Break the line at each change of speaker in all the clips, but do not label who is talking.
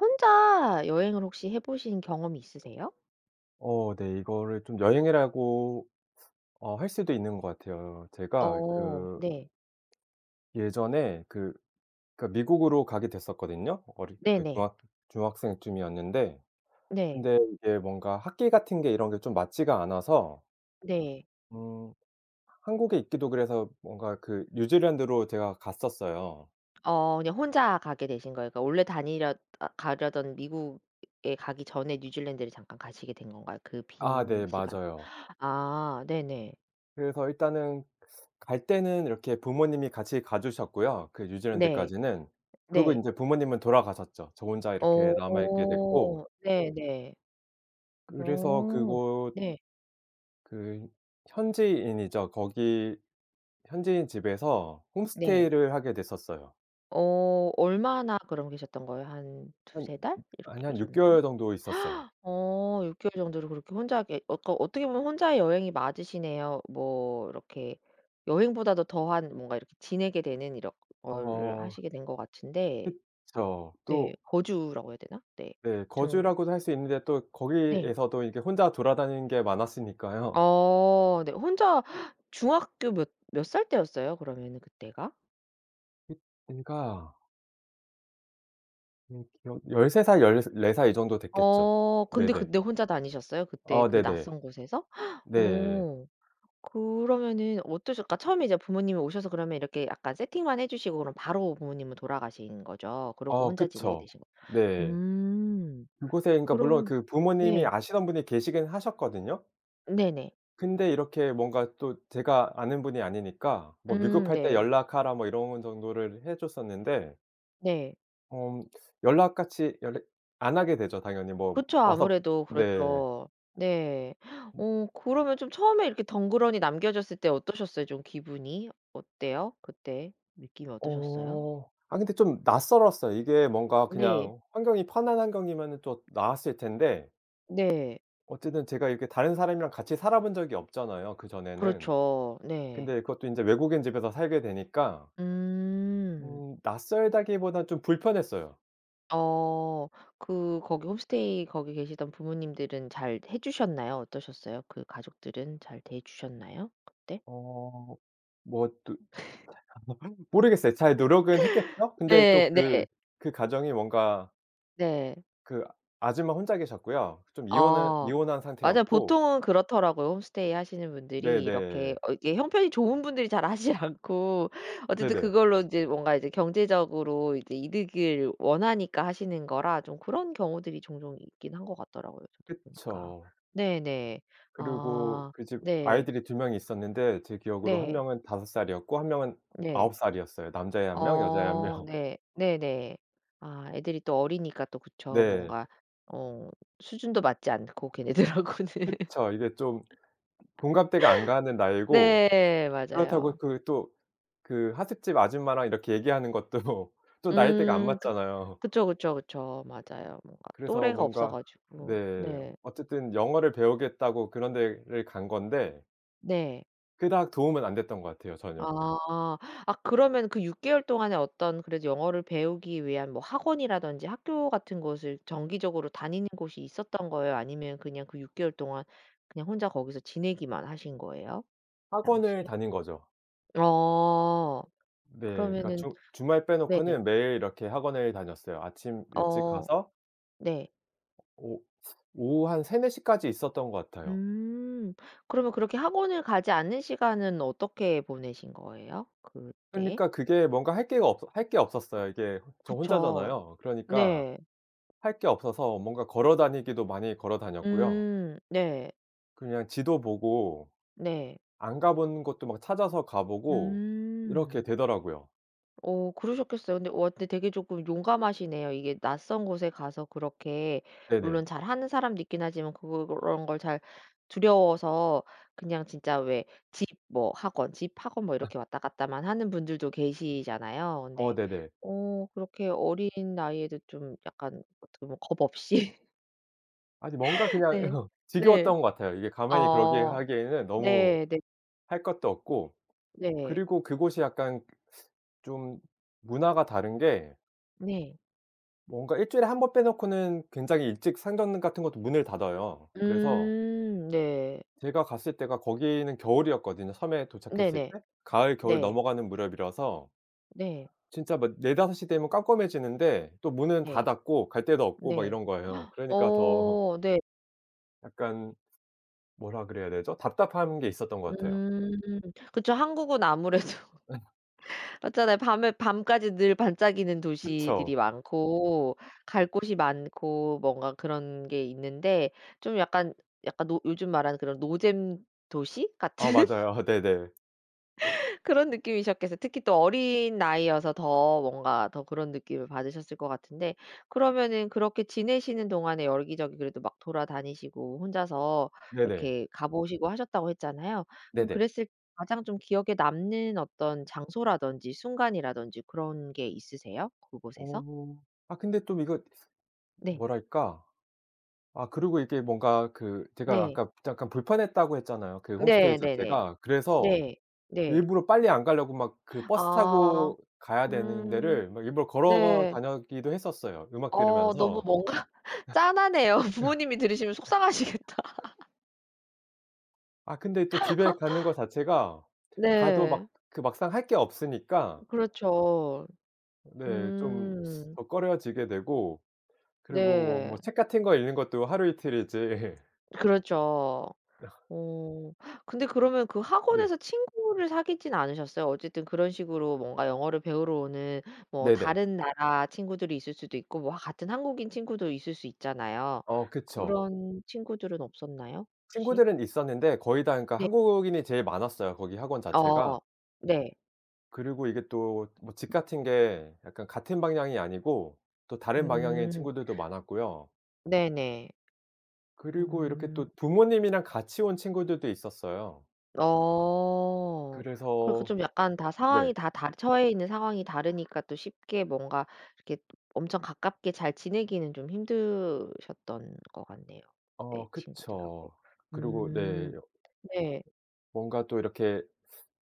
혼자 여행을 혹시 해 보신 경험이 있으세요?
어 네. 이거를 좀 여행이라고 어 할 수도 있는 것 같아요. 제가
어
그
네.
예전에 그 그 미국으로 가게 됐었거든요. 어릴 때
네네.
중학 중학생 쯤이었는데.
네.
근데 이게 뭔가 학기 같은 게 이런 게 좀 맞지가 않아서
네.
음 한국에 있기도 그래서 뭔가 그 뉴질랜드로 제가 갔었어요.
어 그냥 혼자 가게 되신 거예요. 그니까 원래 다니려 어 가려던 미국에 가기 전에 뉴질랜드를 잠깐 가시게 된 건가요? 그
아
빈
네.
시간.
맞아요.
아 네네.
그래서 일단은 갈 때는 이렇게 부모님이 같이 가 주셨고요 그
네.
뉴질랜드까지는. 그리고
네.
인제 부모님은 돌아가셨죠. 저 혼자 이렇게 남아있게 됐고
어 네네.
그래서
어
그곳
네.
그 현지인이죠. 거기 현지인 집에서
네.
홈스테이를 하게 됐었어요.
어 얼마나 그러고 계셨던 거예요? 한
한
2-3 달? 이렇게
아니 한 6
계셨나요?
개월 정도 있었어요.
어 6 개월 정도로 그렇게 혼자 계 어 그 어떻게 보면 혼자 여행이 맞으시네요. 뭐 이렇게 여행보다도 더한 뭔가 이렇게 지내게 되는 이런 거를
어.
하시게 된 것 같은데.
그쵸.
네.
또
거주라고 해야 되나? 네.
네.
좀
거주라고도 할 수 있는데 또
네.
거기에서도 이게 혼자 돌아다니는 게 많았으니까요.
어 네. 혼자 중학교 몇 몇 살 때였어요? 그러면은 그때가?
잇 그니까 음 기억 13 살, 1 4 살 이 정도 됐겠죠.
어 근데
네네.
근데 혼자 다니셨어요 그때
아
그
네네.
낯선 곳에서?
네.
어 그러면은 어떠실까? 처음에 이제 부모님이 오셔서 그러면 이렇게 약간 세팅만 해 주시고 그럼 바로 부모님은 돌아가신 거죠? 그러고
어
혼자 지내게
그쵸.
되신 거
네.
음.
그곳에 그러니까 물론
그러면
그 부모님이
네.
아시던 분이 계시긴 하셨거든요.
네네.
근데 이렇게 뭔가 또 제가 아는 분이 아니니까 뭐
음
"위급할 때
네.
연락하라." 뭐 이런 정도를 해 줬었는데
네.
음 연락같이 연락 안 하게 되죠 당연히. 뭐
그쵸.
와서
아무래도
네.
그렇죠. 네.
음.
어 그러면 좀 처음에 이렇게 덩그러니 남겨졌을 때 어떠셨어요 좀 기분이? 어때요 그때 느낌이 어떠셨어요?
어. 아 근데 좀 낯설었어요. 이게 뭔가
네.
그냥 환경이 편한 환경이면은 또 나았을 텐데
네.
어쨌든 제가 이렇게 다른 사람이랑 같이 살아본 적이 없잖아요 그전에는.
그렇죠. 네.
근데 그것도 인제 외국인 집에서 살게 되니까
음.
음 낯설다기보다 좀 불편했어요.
어 그 거기 홈스테이 거기 계시던 부모님들은 잘 해 주셨나요 어떠셨어요? 그 가족들은 잘 대해주셨나요 그때?
어 뭐 또 제가 뭘 한 모르겠어요. 잘 노력은 했겠죠? 근데 또
네. 네.
그 그 가정이 뭔가
네.
그 아줌마 혼자 계셨고요. 좀 이혼을
아
이혼한
맞아요.
상태였고
보통은 그렇더라고요. 홈스테이 하시는 분들이 이렇게
네네.
어 이게 형편이 좋은 분들이 잘 하지 않고 어쨌든
네네.
그걸로 인제 뭔가 이제 경제적으로 이제 이득을 원하니까 하시는 거라 좀 그런 경우들이 종종 있긴 한 것 같더라고요 저도 보니까.
그쵸.
네네.
그리고
아
그 집
네.
아이들이 2 명이 있었는데 제 기억으로 1
네.
명은 5 살이었고 1 명은
네.
9 살이었어요. 남자애 1 명, 여자애 1
어
명.
네. 네네. 아 애들이 또 어리니까 또 그쵸.
네.
뭔가 어 수준도 맞지 않고 걔네들하고는.
그쵸. 이게 좀 공감대가 안 가는 나이고
네.
그렇다고
맞아요.
그 또 그 하숙집 아줌마랑 이렇게 얘기하는 것도 또 나이대가 안
음 그
맞잖아요.
그쵸, 그쵸, 그쵸. 맞아요 뭔가
그래서
또래가 없어
뭔가
가지고.
네.
네.
어쨌든 영어를 배우겠다고 그런 데를 간 건데
네.
그닥 도움은 안 됐던 것 같아요 전혀.
아. 아 그러면은 그 6 개월 동안에 어떤 그래도 영어를 배우기 위한 뭐 학원이라든지 학교 같은 곳을 정기적으로 다니는 곳이 있었던 거예요 아니면 그냥 그 6 개월 동안 그냥 혼자 거기서 지내기만 하신 거예요 그 당시에?
학원을 다닌 거죠.
아
네. 그러니까
그러면은
주 주말
네네.
빼놓고는 매일 이렇게 학원을 다녔어요. 아침 일찍
어
가서
네.
오 오후 한 3-4 시까지 있었던 것 같아요.
음 그러면 그렇게 학원을 가지 않는 시간은 어떻게 보내신 거예요? 그때?
그러니까 그게 뭔가 할 게가 없어 할 게 없었어요. 이게 어 저
그쵸.
혼자잖아요. 그러니까
네.
할 게 없어서 뭔가 걸어 다니기도 많이 걸어 다녔고요.
음 네.
그냥 지도 보고
네.
안 가 본 곳도 막 찾아서 가 보고 이렇게
음.
되더라고요.
어 그러셨겠어요. 근데 와 근데 되게 조금 용감하시네요. 이게 낯선 곳에 가서 그렇게
네네.
물론 잘하는 사람도 있긴 하지만 그런 걸 잘 두려워서 그냥 진짜 왜 집 뭐 학원 집 학원 뭐 이렇게 왔다 갔다만 하는 분들도 계시잖아요.
어
근데
네네.
어 그렇게 어린 나이에도 좀 약간 어떻게 보면 겁 없이
아니 뭔가 그냥
네. 네.
지겨웠던 것 같아요. 이게 가만히 그렇게
어
하기에는 너무
네네.
할 것도 없고.
네.
그리고 그곳이 약간 좀 문화가 다른 게
네.
뭔가 1 주일에 1 번 빼 놓고는 굉장히 일찍 상점 같은 것도 문을 닫아요. 그래서
음 네.
제가 갔을 때가 거기는 겨울이었거든요 섬에 도착했을
네네.
때. 가을, 겨울
네.
넘어가는 무렵이라서
네.
진짜 막 4-5 시 되면 깜깜해지는데 또 문은 다
네.
닫고 갈 데도 없고 막
네.
이런 거예요. 그러니까 더
어 네.
약간 뭐라 그래야 되죠? 답답한 게 있었던 것 같아요.
음 그쵸. 한국은 아무래도 맞잖아요. 밤에 밤까지 늘 반짝이는
그쵸?
도시들이 많고 갈 곳이 많고 뭔가 그런 게 있는데 좀 약간 약간 노 요즘 말하는 그런 노잼 도시
어
같은
맞아요. 허 네네.
그런 느낌이셨겠어 특히 또 어린 나이여서 더 뭔가 더 그런 느낌을 받으셨을 것 같은데 그러면은 그렇게 지내시는 동안에 여기저기 그래도 막 돌아다니시고 혼자서
네네.
이렇게 가 보시고 하셨다고 했잖아요. 그럼
네네.
그랬을 가장 좀 기억에 남는 어떤 장소라든지 순간이라든지 그런 게 있으세요 그 곳에서?
어 아 근데 좀 이거
네.
뭐랄까? 아 그리고 이게 뭔가 그 제가
네.
아까 잠깐 불편했다고 했잖아요 그 홈스테이
네. 네네.
자체가. 그래서
네. 네.
일부러 빨리 안 가려고 막 그 버스
아.
타고 가야 되는
음.
데를 막 일부러 걸어
네.
다녔기도 했었어요 음악
어 너무
들으면서.
뭔가 짠하네요. 부모님이 들으시면 속상하시겠다.
아 근데 또 집에 가는 거 자체가 가도 막
네.
그 막상 할 게 없으니까
그렇죠.
네. 좀
음.
더 꺼려지게 되고 그리고 뭐
네.
뭐 책 같은 거 읽는 것도 하루 이틀이지
그렇죠. 어 근데 그러면 그
네.
학원에서 친구를 사귀진 않으셨어요? 어쨌든 그런 식으로 뭔가 영어를 배우러 오는 뭐
네네.
다른 나라 친구들이 있을 수도 있고 뭐 같은 한국인 친구도 있을 수 있잖아요.
어 그쵸.
그런 친구들은 없었나요? 혹시?
친구들은 있었는데 거의 다 그러니까
네.
한국인이 제일 많았어요 거기 학원
어
자체가.
네.
그리고 이게 또 뭐 집 같은 게 약간 같은 방향이 아니고 또 다른 방향의
음.
친구들도 많았고요.
네네.
그리고 이렇게
음.
또 부모님이랑 같이 온 친구들도 있었어요.
어 그 그
그래서
좀 약간 다
네.
상황이 다 다 처해 있는 상황이 다르니까 또 쉽게 뭔가 이렇게 엄청 가깝게 잘 지내기는 좀 힘드셨던 것 같네요. 네
어 그쵸.
친구들하고.
그리고 네
음
요
네.
뭔가 또 이렇게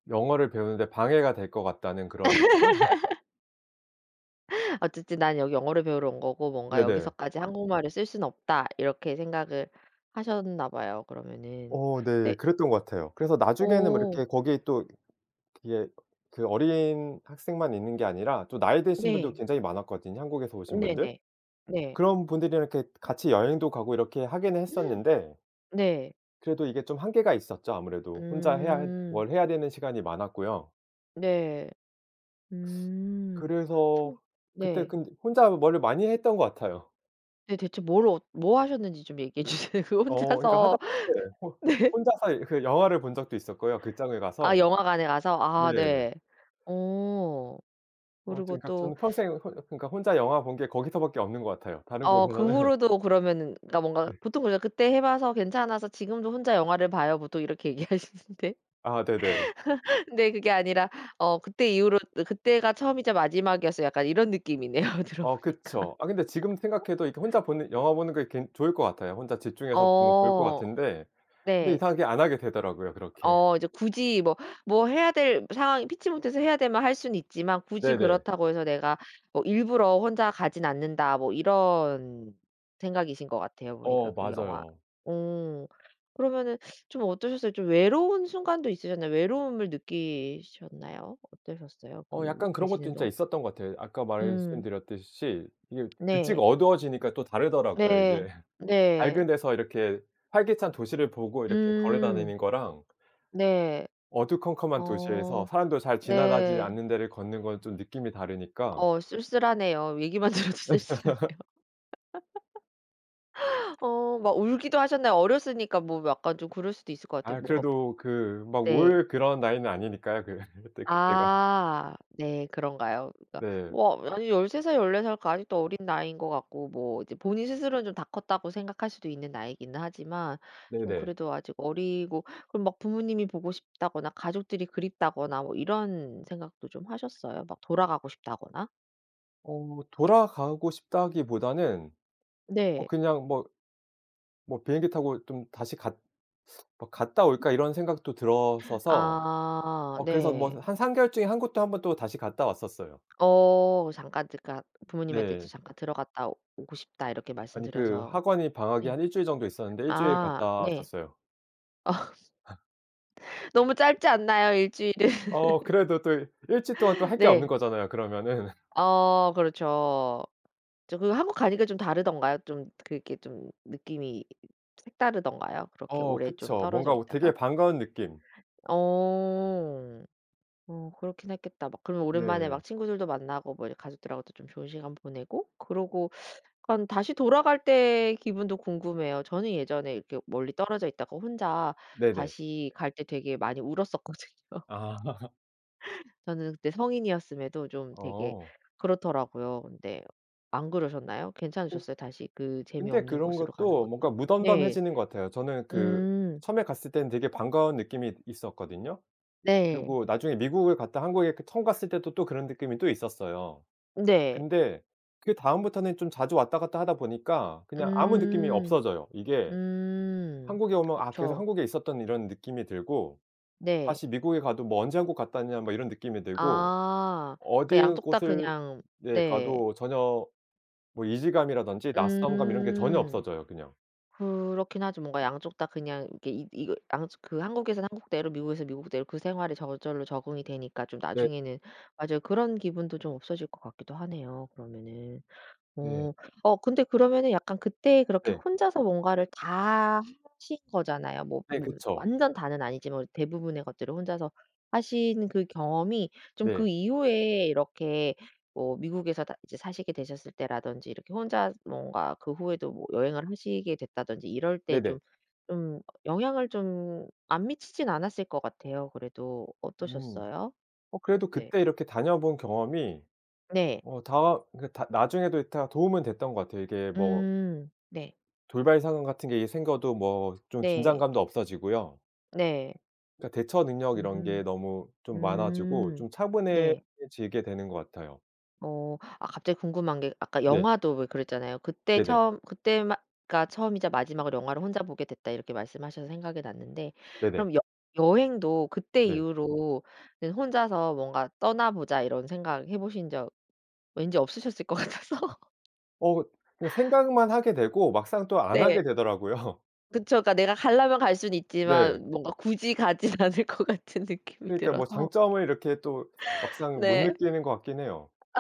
영어를 배우는 데 방해가 될 것 같다는 그런 느낌?
'어쨌든 난 여기 영어를 배우러 온 거고 뭔가
네네.
여기서까지 한국말을 쓸 수는 없다.' 이렇게 생각을 하셨나 봐요 그러면은.
어 네.
근데
그랬던 것 같아요. 그래서 나중에는 뭐
어.
이렇게 거기에 또 그게 그 어린 학생만 있는 게 아니라 또 나이 드신 분도
네.
굉장히 많았거든요, 한국에서 오신 분들.
네네. 네.
그런 분들이랑 이렇게 같이 여행도 가고 이렇게 하기는 했었는데
네.
그래도 이게 좀 한계가 있었죠 아무래도. 혼자 해야
음.
뭘 해야 되는 시간이 많았고요.
네. 음.
그래서
저
그때
네.
근데 혼자 뭐를 많이 했던 것 같아요.
네. 대체 뭘 어 뭐 하셨는지 좀 얘기해 주세요. 그
어. 그러니까
혼자서
하다못해 혼
네.
혼자서 이 그 영화를 본 적도 있었고요, 극장을
아
가서.
영화관에 가서?
네.
아 네. 어.
어
그리고
저는 그러니까
또
저는 평생 혼 그러니까 혼자 영화 본 게 거기서밖에 없는 것 같아요. 다른
어 그
곳에서는
후로도 그러면은 그러니까 뭔가
네.
보통 그냥 "그때 해 봐서 괜찮아서 지금도 혼자 영화를 봐요." 보통 이렇게 얘기하시는데
아 네네.
근데 그게 아니라 어 그때 이후로 "그때가 처음이자 마지막이었어." 약간 이런 느낌이네요, 들어
어
보니까.
그쵸. 아 근데 지금 생각해도 이렇게 혼자 보는 영화 보는 게 굉 좋을 것 같아요. 혼자 집중해서 보면 좋을 것
어.
같은데 근데
네.
이상하게 안 하게 되더라고요 그렇게.
어 이제 굳이 뭐 뭐 '해야 될 상황이 피치 못해서 해야 되면 할 수는 있지만 굳이
네네.
그렇다고 해서 내가 뭐 일부러 혼자 가진 않는다.' 뭐 이런 생각이신 것 같아요, 보니까
어
그 영화.
맞아요.
오. 그러면은 좀 어떠셨어요, 좀 외로운 순간도 있으셨나요? 외로움을 느끼셨나요? 어떠셨어요,
어
그
약간 그런 것도
계시는
진짜
동안?
있었던 것 같아요. 아까
음.
말씀드렸듯이 이게 일찍
네.
어두워지니까 또 다르더라고요
네.
이게.
네.
밝은 데서 이렇게 활기찬 도시를 보고 이렇게
음.
걸어다니는 거랑
네.
어두컴컴한 도시에서
어.
사람들 잘 지나가지
네.
않는 데를 걷는 건 좀 느낌이 다르니까
어 쓸쓸하네요. 얘기만 들어도 쓸쓸하네요. 어 막 울기도 하셨나요? 어렸으니까 뭐 약간 좀 그럴 수도 있을 것 같아요
아
뭔가.
그래도 그 막
네.
울 그런 나이는 아니니까요, 그 그때 그때가.
아. 네. 그런가요? 그러니까
네.
뭐 아니 13 살, 14 살 그 아직도 어린 나이인 것 같고 뭐 이제 본인 스스로는 좀 다 컸다고 생각할 수도 있는 나이긴 하지만 좀
네네.
그래도 아직 어리고 그럼 막 부모님이 보고 싶다거나 가족들이 그립다거나 뭐 이런 생각도 좀 하셨어요? 막 돌아가고 싶다거나?
어 돌아가고 싶다기보다는 어
네.
그냥 뭐 뭐 '비행기 타고 좀 다시 갔 뭐 갔다 올까?' 이런 생각도 들었어서
아
어 그래서 뭐
네.
한 3 개월 중에 한국도 1 번 또 다시 갔다 왔었어요.
어 잠깐 그러니까 부모님한테 이제
네.
"잠깐 들어갔다 오고 싶다." 이렇게
아니 그
말씀드려서
학원이 방학이
네.
한 1 주일 정도 있었는데 1 주일
아
갔다
네.
갔어요.
어. 너무 짧지 않나요 1 주일은?
어 그래도 또 1 주일 동안 할 게 없는
네.
거잖아요 그러면은.
어 그렇죠. 저 그 한국 가니까 좀 다르던가요? 좀 그렇게 좀 느낌이 색다르던가요 그렇게
어
오래 좀
그쵸.
떨어져
뭔가 우
있다가?
되게 반가운 느낌.
어. 어 그렇긴 했겠다. 막 그러면 오랜만에
네.
막 친구들도 만나고 뭐 이제 가족들하고도 좀 좋은 시간 보내고 그러고 그럼 다시 돌아갈 때의 기분도 궁금해요. 저는 예전에 이렇게 멀리 떨어져 있다가 혼자
네네.
다시 갈 때 되게 많이 울었었거든요.
아.
저는 그때 성인이었음에도 좀 되게
어.
그렇더라고요. 근데 안 그러셨나요?
그
괜찮으셨어요 다시 그
근데
재미없는
그런
곳으로 가는
것도
것도?
뭔가
네.
무덤덤해지는 것 같아요. 저는 그
음.
처음에 갔을 때는 되게 반가운 느낌이 있었거든요.
네.
그리고 나중에 미국을 갔다 한국에 이렇게 처음 갔을 때도 또 그런 느낌이 또 있었어요.
네.
근데 그 다음부터는 좀 자주 왔다 갔다 하다 보니까 그냥 아무 느낌이
음.
없어져요. 이게
음.
한국에 오면 아 계속
그쵸.
한국에 있었던 이런 느낌이 들고
네.
다시 미국에 가도 뭐 '언제 한국 갔다 왔냐?' 뭐 이런 느낌이 들고
아. 그
어드
양쪽 다
곳을
그냥
네
네.
가도 전혀 뭐 이질감이라든지 낯선감 이런 게 전혀
음.
없어져요 그냥.
그렇긴 하죠. 뭔가 양쪽 다 그냥 이렇게 이 이걸 양쪽 그 한국에서는 한국대로 미국에서 미국대로 그 생활에 저절로 적응이 되니까 좀
네.
나중에는 맞아요 그런 기분도 좀 없어질 것 같기도 하네요 그러면은.
네.
어. 어 근데 그러면은 약간 그때 그렇게
네.
혼자서 뭔가를 다 하신 거잖아요. 뭐
네.
뭐
그쵸.
완전 다는 아니지만 대부분의 것들을 혼자서 하신 그 경험이 좀
네.
그 이후에 이렇게 뭐 미국에서 다 이제 사시게 되셨을 때라든지 이렇게 혼자 뭔가 그 후에도 뭐 여행을 하시게 됐다든지 이럴 때
네네.
좀, 좀 영향을 좀 안 미치지는 않았을 것 같아요 그래도.
음.
어떠셨어요?
어 그래도
네.
그때 이렇게 다녀 본 경험이
네.
어 다 그러니까 다 나중에도 이 다 도움은 됐던 것 같아요. 이게 뭐
음. 네.
돌발 상황 같은 게 이제 생겨도 뭐 좀
네.
긴장감도 없어지고요.
네.
그러니까 대처 능력 이런
음.
게 너무 좀 많아지고
음.
좀
네.
차분해지게 되는 것 같아요.
어. 아 갑자기 궁금한 게 아까
네.
영화도 왜 그랬잖아요. 그때
네네.
처음 그때 마 가 "처음이자 마지막으로 영화를 혼자 보게 됐다." 이렇게 말씀하셔서 생각이 났는데
네네.
그럼 여 여행도 그때
네.
이후로는 '혼자서 뭔가 떠나 보자.' 이런 생각해 보신 적 왠지 없으셨을 것 같아서
어 그 그 생각만 하게 되고 막상 또 안
네.
하게 되더라고요.
그쵸. 그러니까 내가 가려면 갈 수는
네.
있지만 뭔가 굳이 가진 않을 것 같은 느낌이
그러니까 뭐
들어서.
장점을 이렇게 또 막상 못
네.
느끼는 것 같긴 해요.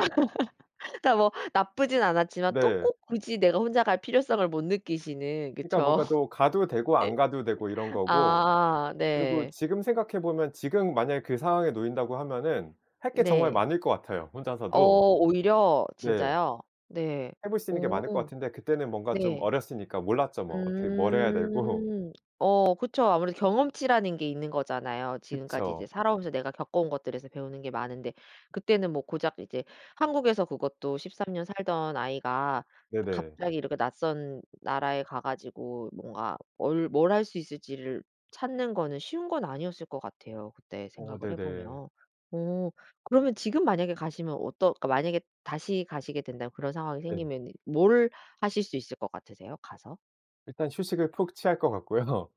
그러니까 뭐 나쁘진 않았지만 또
네.
꼭 굳이 내가 혼자 갈 필요성을 못 느끼시는
그러니까
그쵸?
뭔가 또 가도 되고
예.
안 가도 되고 이런 거고
아
그리고
네.
지금 생각해 보면 지금 만약에 그 상황에 놓인다고 하면은 할 게 정말
네.
많을 것 같아요
어
혼자서도.
오히려?
네.
진짜요? 네.
해 볼 수 있는 게 많을 것
오.
같은데 그때는 뭔가 좀
네.
어렸으니까 몰랐죠 뭐 어떻게 뭘 해야 되고.
음. 어 그쵸. 아무래도 경험치라는 게 있는 거잖아요. 지금까지 이제
그쵸.
살아오면서 내가 겪어온 것들에서 배우는 게 많은데 그때는 뭐 고작 이제 한국에서 그것도 13 년 살던 아이가
네네.
갑자기 이렇게 낯선 나라에 가 가지고 뭔가 뭘 뭘 할 수 있을지를 찾는 거는 쉬운 건 아니었을 것 같아요 그때
어
생각을 해
네네.
보면. 어 그러면 지금 만약에 가시면 어떠 그러니까 만약에 다시 가시게 된다면 그런 상황이
네.
생기면은 뭘 하실 수 있을 것 같으세요 가서?
일단 휴식을 푹 취할 것 같고요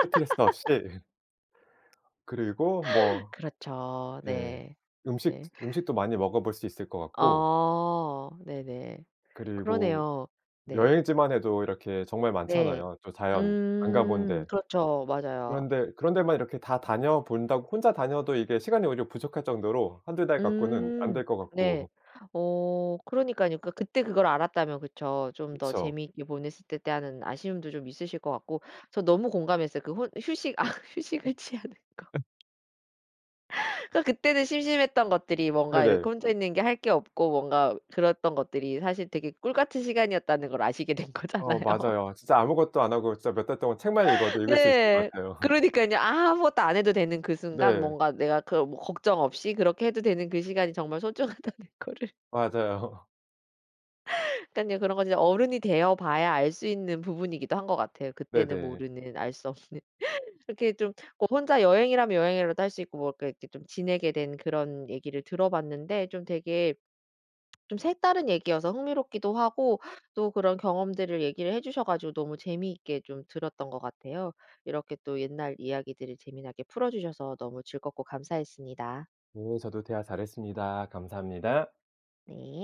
스트레스 없이. 그리고 뭐
그렇죠.
네
네.
음식 즈
네.
음식도 많이 먹어볼 수 있을 것 같고
어. 네네.
그리고
그러네요. 네.
여행지만 해도 이렇게 정말
네.
많잖아요 저 자연, 안 가 본
음
데
그렇죠. 맞아요.
그런 데 그런 데만 이렇게 다 다녀 본다고 혼자 다녀도 이게 시간이 오히려 부족할 정도로 1-2 달 갖고는 안
음.
될 것
네.
같고.
어 그러니깐요. 그러니까 그때 그걸 알았다면 그쵸? '좀 더
그쵸?
재미있게 보냈을 텐데.' 하는 아쉬움도 좀 있으실 것 같고 저 너무 공감했어요 그 혼 휴식 아
음.
휴식을 취하는 거.
예.
그러니까 그때는 심심했던 것들이 뭔가 이렇게
네네.
혼자 있는 게 할 게 없고 뭔가 그랬던 것들이 사실 되게 꿀 같은 시간이었다는 걸 아시게 된
어
거잖아요.
맞아요. 진짜 아무것도 안 하고 진짜 몇 달 동안 책만 읽어도 읽을 수 있을 것
네.
같아요.
그러니깐요. 아무것도 안 해도 되는 그 순간
네.
뭔가 내가 그 뭐 걱정 없이 그렇게 해도 되는 그 시간이 정말 소중하다는 거를
맞아요.
그러니깐요. 그런 건 이제 어른이 되어 봐야 알 수 있는 부분이기도 한 것 같아요 그때는
네네.
모르는 알 수 없는. 그렇게 좀 뭐 혼자 여행이라면 여행이라도 할 수 있고 뭐 이렇게 좀 지내게 된 그런 얘기를 들어 봤는데 좀 되게 좀 색다른 얘기여서 흥미롭기도 하고 또 그런 경험들을 얘기를 해 주셔 가지고 너무 재미있게 좀 들었던 것 같아요. 이렇게 또 옛날 이야기들을 재미나게 풀어 주셔서 너무 즐겁고 감사했습니다.
네. 저도 대화 잘했습니다. 감사합니다.
네.